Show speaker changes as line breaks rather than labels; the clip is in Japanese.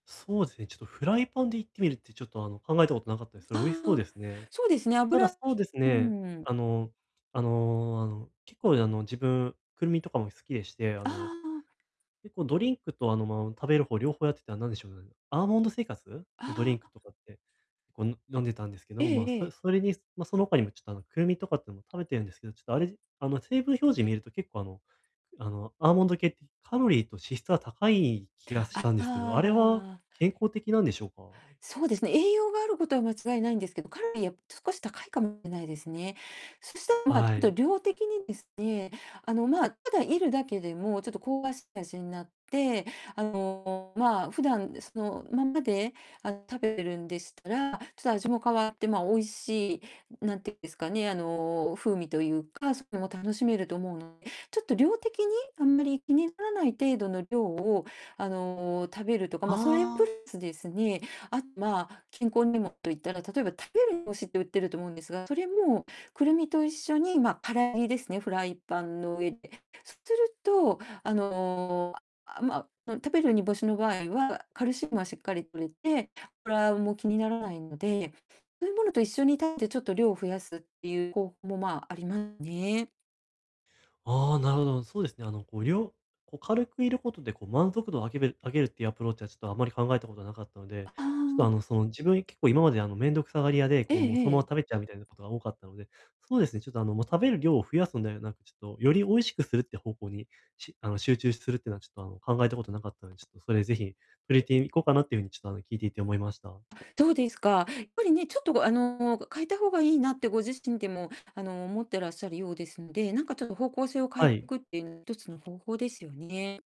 そうですね、ちょっとフライパンで炒ってみるってちょっと、あの、考えたことなかったです。そ
あ
れ美味しそうで
あ。
すね。
そうですね、
た
油
だ、
う
そうです
ー
ね、
ん。
あの、あのあの、結構、あの、自分、クルミとかも好きでして、あ
あ
の、
あ。
結構ドリンクと、あの、まあ、食べる方両方やってたら、なんでしょう、アーモンド生活のドリ
あ
ンク
あ。
とかって、こう、の飲んでたんですけど、
ええ
まあ、
え
そ
え。
それに、ま、その他にもちょっと、あの、クルミとかってのも食べてるんですけど、ちょっとあれあの、成分表示見ると結構、あのあの、アーモンド系ってカロリーと脂質は高い気がし
あ、
たんで
あ
すけど、あれは
あああ。
健康的なんでしょうか？
そうですね、栄養があることは間違いないんですけど、カロリーは少し高いかもしれないですね。そしたら、まあ、ち
は
ょっと
い。
量的にですね、あの、まあ、ただ炒るだけでもちょっと香ばしい味になって、あの、まあ、普段そのまんまで、あの、食べてるんでしたら、ちょっと味も変わって、ま、美味しいなんていうんですかね、あの、風味というか、それも楽しめると思うのちょっと量的にあんまり気にならない程度の量を、あの、食べるとか、
あ
ま、それプラ
あ。
スですね、あまあ、健康にもと言ったら、例えば、食べる煮干しって売ってると思うんですが、それもクルミと一緒に、ま、空炒りですね、フライパンの上で。そうすると、あの、あああ、ま、うん、食べる煮干しの場合は、カルシウムはしっかり摂れて、ぷらうも気にならないので、そういうものと一緒に食べてちょっと量を増やすっていう、こうふ、も、まあ、ありまね。
ああ、なるほど、そうですね、あの、こう、りょうこう、軽く炒ることで、こう、満足度上げめる上げるっていうアプローチは、ちょっとあまり考えたことなかったので、
あ
ちょっと、あの、
あ。
その、自分、結構今まで、あの、面倒くさがり屋で、
え
こう、もう
え
そ
え
のまま
え。
食べちゃうみたいなことが多かったので、そうですね、ちょっと、あの、もう、食べる量を増やすんではなく、ちょっとより美味しくするって方向に、しあの、集中するってのはちょっとあの、考えたことなかったんで、ちょっとそれぜひ、触れていこうかなっていう風にちょっと、あの、聞いていて思いました。
そうですか。やっぱりね、ちょっと、あの、変えた方がいいなってご自身でも、あの、思ってらっしゃるようですので、なんかちょっと方向性を変え
は
て
い。
くっていう一つの方法ですよね。